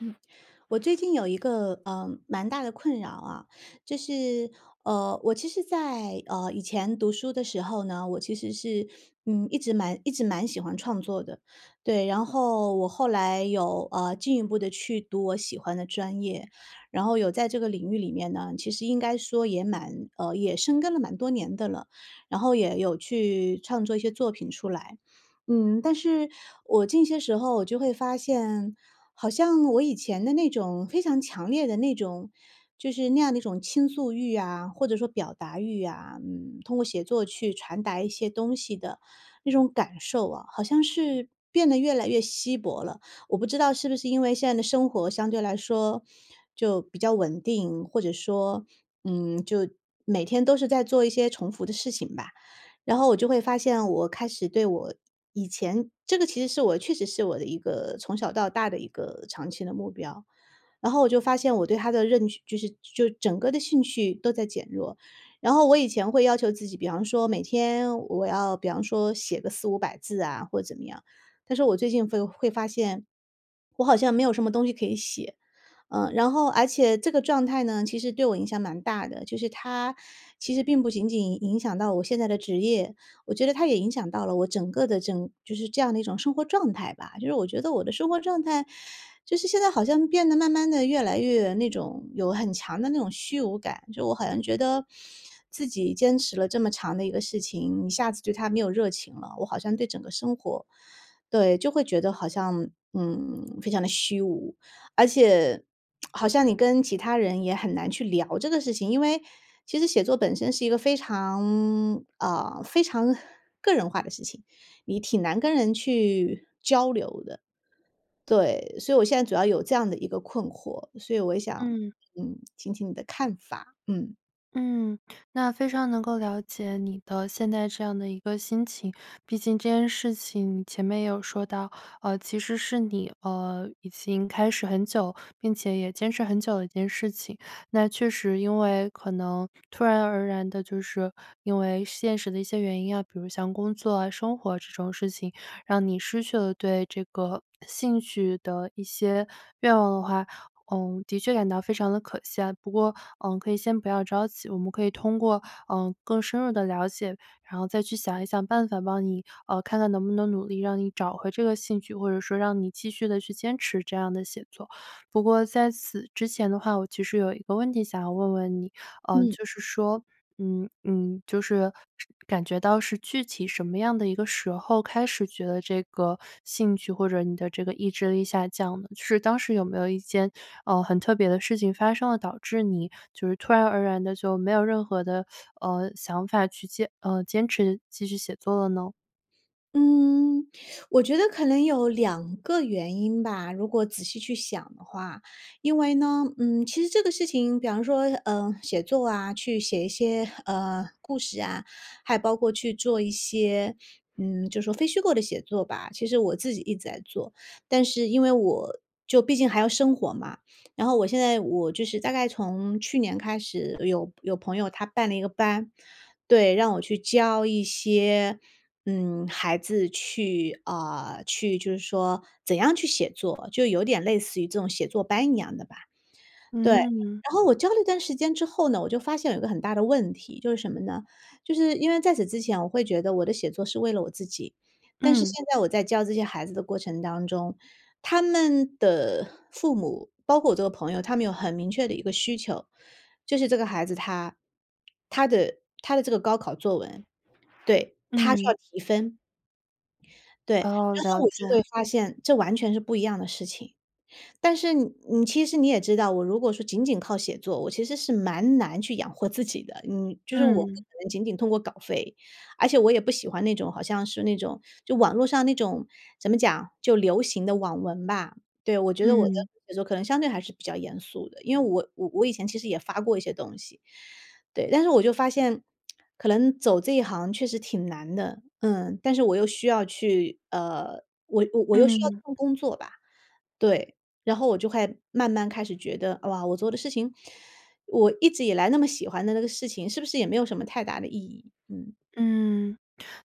嗯，我最近有一个，呃，蛮大的困扰啊，就是，呃，我其实在，呃，以前读书的时候呢，我其实是，嗯，一直蛮一直蛮喜欢创作的。对，然后我后来有，呃，进一步地去读我喜欢的专业，然后有在这个领域里面呢，其实应该说也蛮呃，也生根了蛮多年的了，然后也有去创作一些作品出来。嗯，但是我近些时候我就会发现，好像我以前的那种非常强烈的那种就是那样的一种倾诉欲啊，或者说表达欲啊，嗯，通过写作去传达一些东西的那种感受啊，好像是变得越来越稀薄了。我不知道是不是因为现在的生活相对来说。就比较稳定，或者说，嗯，就每天都是在做一些重复的事情吧。然后我就会发现我开始对我以前这个其实是我确实是我的一个从小到大的一个长期的目标，然后我就发现我对它的认知就是就整个的兴趣都在减弱。然后我以前会要求自己，比方说每天我要比方说写个400-500百字啊，或者怎么样，但是我最近会会发现，我好像没有什么东西可以写。呃，然后而且这个状态呢，其实对我影响蛮大的，就是它，其实并不仅仅影响到我现在的职业，我觉得它也影响到了我整个的整就是这样的一种生活状态吧。就让我觉得我的生活状态，就是现在好像变得慢慢地越来越那种有很强的那种虚无感。就我好像觉得，自己坚持了这么长的一个事情，一下子对它没有热情了，我好像对整个生活对，就会觉得好像，嗯，非常地虚无。而且，好像你跟其他人也很难去聊这个事情。因为，其实写作本身是一个非常，呃，非常个人化的事情，你挺难跟人去交流的。对，所以我现在主要有这样的一个困惑，所以我也想，嗯。嗯，听听你的看法，嗯。嗯，那非常能够了解你的现在这样的一个心情，毕竟这件事情你前面也有说到，呃，其实是你，呃，已经开始很久，并且也坚持很久的一件事情。那确实因为可能突然而然的就是因为现实的一些原因啊，比如像工作、生活这种事情，让你失去了对这个兴趣的一些愿望的话，嗯，的确感到非常的可惜啊。不过可以先不要着急，我们可以通过，呃，更深入的了解，然后再去想一想办法，帮你，呃，看看能不能努力让你找回这个兴趣，或者说，让你继续地去坚持这样的写作。不过在此之前的话，我其实有一个问题想要问问你，嗯。就是说，嗯嗯，就是感觉到是具体什么样的一个时候，开始觉得这个兴趣，或者你的这个意志力下降的，就是当时有没有一件，呃，很特别的事情发生了，导致你就是突然而然的就没有任何的，呃，想法去坚呃，坚持继续写作了呢？嗯，我觉得可能有2个原因吧，如果仔细去想的话。因为呢，嗯，其实这个事情，比方说，呃，写作啊，去写一些，呃，故事啊，还包括去做一些嗯，就说非虚构的写作吧，其实我自己一直在做。但是因为我就毕竟还要生活嘛，嗯，然后我现在我就是大概从去年开始，有有朋友他办了一个班。对，让我去教一些，嗯，孩子去啊，去就是说怎样去写作，就有点类似于这种写作班一样的吧。对，然嗯。后我教了一段时间之后呢，我就发现有一个很大的问题，就是什么呢？就是因为在此之前我会觉得我的写作是为了我自己，但是嗯。现在我在教这些孩子的过程当中，他们的父母，包括我这个朋友，他们有很明确的一个需求，就是这个孩子他他的他的这个高考作文对，他是要嗯。提分。对，然哦，了后我就会解。发现这完全是不一样的事情。但是你其实你也知道，我如果说仅仅靠写作，我其实是蛮难去养活自己的。嗯，就是我不可嗯。能仅仅通过稿费，而且我也不喜欢那种好像是那种，就网络上那种怎么讲，就流行的网文吧。对，我觉得我的嗯。写作可能相对还是比较严肃的，因为我我以前其实也发过一些东西。对，但是我就发现可能走这一行确实挺难的。嗯，但是我又需要去，呃，我我又需要这嗯。份工作吧。对，然后我就会慢慢开始觉得，哇，我做的事情，我一直以来那么喜欢的那个事情，是不是也没有什么太大的意义。嗯。嗯，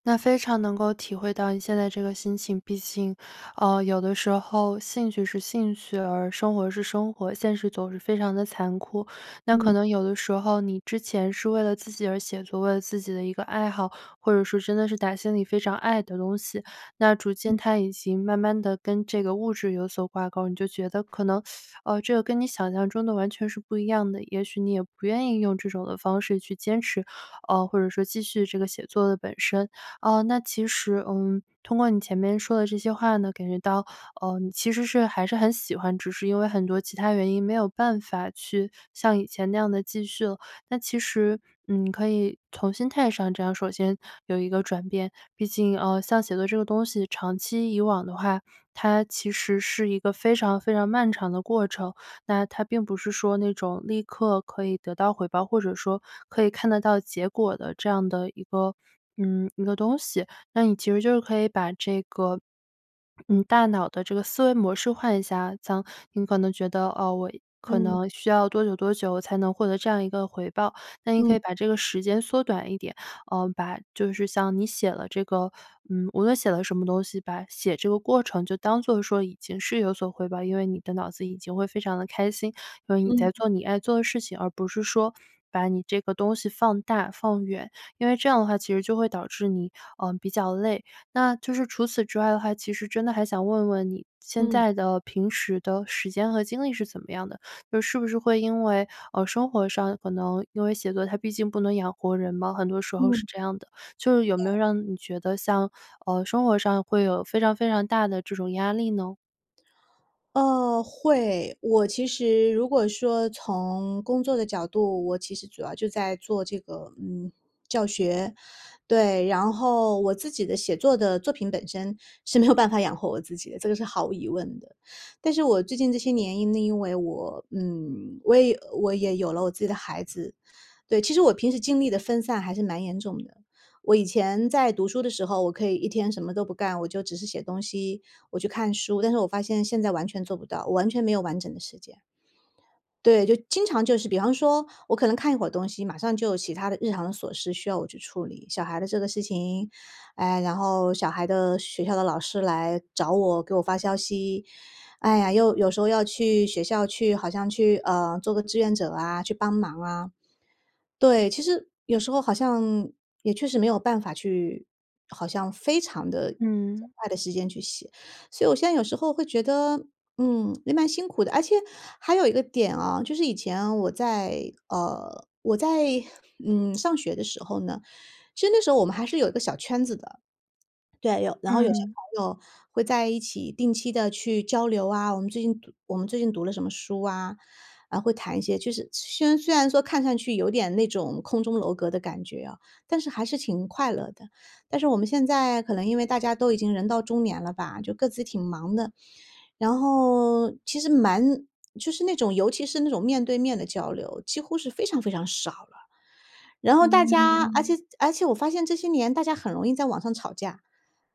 那非常能够体会到你现在这个心情。毕竟，呃，有的时候兴趣是兴趣，而生活是生活，现实总是非常的残酷。那可嗯。能有的时候你之前是为了自己而写作，为了自己的一个爱好，或者是真的是打心里非常爱的东西，那逐渐嗯。它已经慢慢地跟这个物质有所挂钩，你就觉得可能，呃，这个跟你想象中的完全是不一样的。也许你也不愿意用这种的方式去坚持，呃，或者说继续写作的本身。哦，那其实，嗯，通过你前面说的这些话呢，感觉到，呃，你其实是还是很喜欢，只是因为很多其它原因没有办法去像以前那样地继续了。那其实，嗯，可以从心态上这样首先有一个转变。毕竟，呃，像写作这个东西长期以往的话，它其实是一个非常非常漫长的过程，那它并不是说那种立刻可以得到回报，或者说可以看得到结果的这样的一个，嗯，一个东西。那你其实就是可以把这个，你大脑的这个思维模式换一下。这样你可能觉得，哦，我可嗯。能需要多久多久才能获得这样一个回报，那你可嗯。以把这个时间缩短一点，呃，把就是像你写了这个嗯，无论写了什么东西吧，写这个过程就当做说已经是有所回报。因为你的脑子已经会非常地开心，因为你嗯。在做你爱做的事情，而不是说把你这个东西放大、放远。因为这样的话其实就会导致你，呃，比较累。那，就是除此之外的话，其实真的还想问问你现嗯。在的平时的时间和精力是怎么样的，就是不是会因为，呃，生活上可能因为写作它毕竟不能养活人嘛，很多时候是嗯。这样的，就是有没对。有让你觉得像，呃，生活上会有非常非常大的这种压力呢？呃，会。我其实如果说从工作的角度，我其实主要就在做这个，嗯，教学。对，然后我自己的写作的作品本身，是没有办法养活我自己的，这个是毫无疑问的。但是我最近这些年因因为我，嗯，我也我也有了我自己的孩子。对，其实我平时精力的分散还是蛮严重的。我以前在读书的时候，我可以一天什么都不干，我就只是写东西，我去看书，但是我发现现在完全做不到，我完全没有完整的时间。对，就经常就是比方说，我可能看一会儿东西，马上就有其它的日常的琐事需要我去处理。小孩的这个事情，哎，然后小孩的学校的老师来找我，给我发消息，哎呀，又有时候要去学校去，好像去，呃，做个志愿者啊去帮忙啊。对，其实，有时候好像，也确实没有办法去，好像非常地嗯。快的时间去写。所以我现在有时候会觉得，嗯，也蛮辛苦的。而且还有一个点啊，就是以前我在呃，我在，嗯，上学的时候呢，其实那时候我们还是有一个小圈子的。对，有然后有些嗯。朋友会在一起定期地去交流啊，我们最近读我们最近读了什么书啊，呃，会谈一些，就是虽然虽然说看上去有点那种空中楼阁的感觉啊，但是还是挺快乐的。但是我们现在可能因为大家都已经人到中年了吧，就各自挺忙的，然后，其实蛮就是那种，尤其是那种面对面的交流，几乎是非常非常少了。然后大家，嗯。而且而且我发现这些年大家很容易在网上吵架。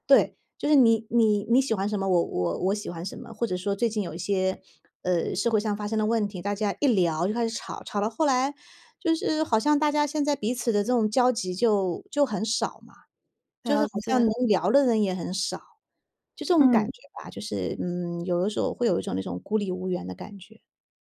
对，就是你你你喜欢什么，我我我喜欢什么，或者说最近有一些，呃，社会上发生的问题，大家一聊就开始吵，吵到后来，就是好像大家现在彼此的这种交集就就很少嘛，就是了好像能解。聊的人也很少。就这种感嗯。觉吧，就是，嗯，有的时候我会有一种那种孤立无援的感觉。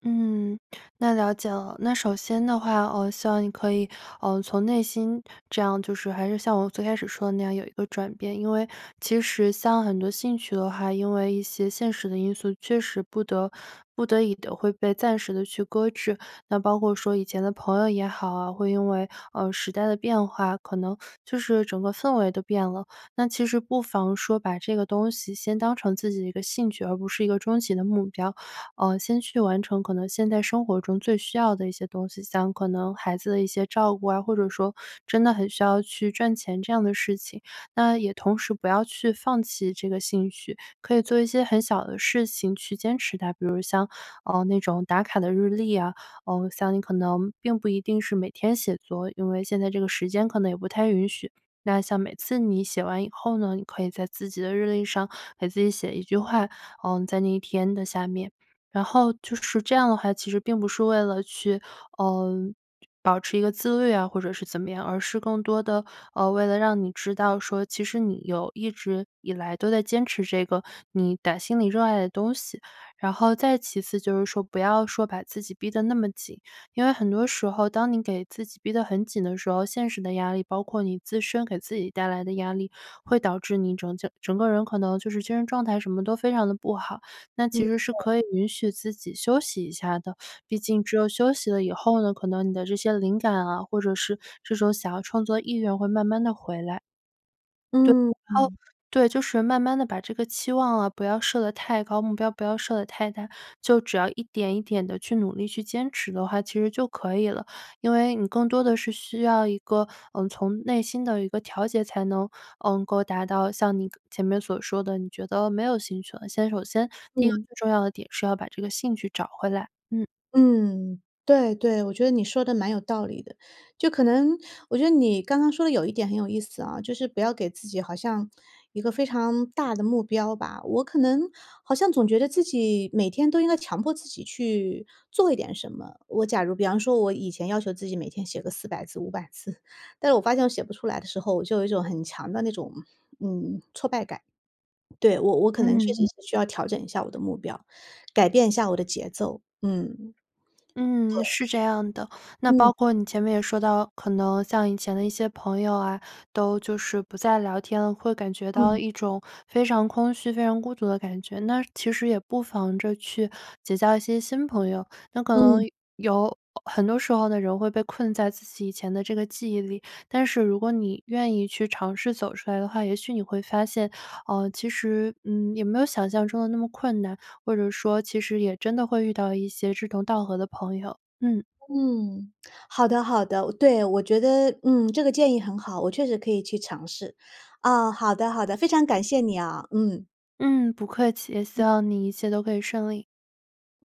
嗯，那了解了。那首先的话，哦，希望你可以，嗯，从内心这样就是还是像我最开始说的那样有一个转变。因为其实像很多兴趣的话，因为一些现实的因素，确实不得不得已地会被暂时地去搁置，那包括说以前的朋友也好啊，会因为，嗯，时代的变化，可能就是整个氛围都变了。那其实不妨说把这个东西先当成自己的一个兴趣，而不是一个终极的目标。嗯，先去完成可能现在生活中最需要的一些东西，像可能孩子的一些照顾啊，或者说真的很需要去赚钱这样的事情。那也同时不要去放弃这个兴趣，可以做一些很小的事情去坚持它。比如像，嗯，那种打卡的日历呀，嗯，像你可能并不一定是每天写作，因为现在这个时间可能也不太允许，那像每次你写完以后呢，你可以在自己的日历上给自己写一句话，嗯，在那一天的下面。然后就是这样的话，其实并不是为了去，嗯，保持一个自律啊，或者是怎么样，而是更多地，呃，为了让你知道说，其实你有一直以来都在坚持这个你打心里热爱的东西。然后再其次就是说不要说把自己逼得那么紧，因为很多时候，当你给自己逼得很紧的时候，现实的压力包括你自身给自己带来的压力，会导致你整就整个人可能就是精神状态什么都非常地不好。那嗯，其实是对。可以允许自己休息一下的，毕竟只有休息了以后呢，可能你的这些灵感啊，或者是这种想要创作的意愿会慢慢地回来。对，嗯，然后嗯。对，就是慢慢地把这个期望啊不要设得太高，目标不要设得太大，就只要一点一点地去努力去坚持的话，其实就可以了。因为你更多的是需要一个，嗯，从内心的一个调节才能，嗯，能够达到像你前面所说的，你觉得没有兴趣了，先首先第1个嗯。最重要的点是要把这个兴趣找回来，嗯。嗯，对对，我觉得你说的蛮有道理的。就可能我觉得你刚刚说的有一点很有意思啊，就是不要给自己好像一个非常大的目标吧。我可能好像总觉得自己每天都应该强迫自己去做一点什么。我假如比方说我以前要求自己每天写个400字、500字，但是我发现我写不出来的时候，我就有一种很强的那种，嗯，挫败感。对，我我可能确嗯。实是需要调整一下我的目标，改变一下我的节奏，嗯。嗯，对。是这样的。那嗯。包括你前面也说到，可能像以前的一些朋友啊，都就是不再聊天了，会感觉到嗯。一种非常空虚、非常孤独的感觉。那其实也不妨着去结交一些新朋友。但可能嗯。有，很多时候这种会被困在自己以前的这个记忆里，但是如果你愿意去尝试走出来的话，也许你会发现，呃，其实嗯，也没有想象中的那么困难，或者说其实也真的会遇到一些志同道合的朋友，嗯。嗯，好的好的，对，我觉得，嗯，这个建议很好，我确实可以去尝试，啊，好的好的，非常感谢你啊，嗯。嗯，不客气，也希嗯。望你一切都可以顺利。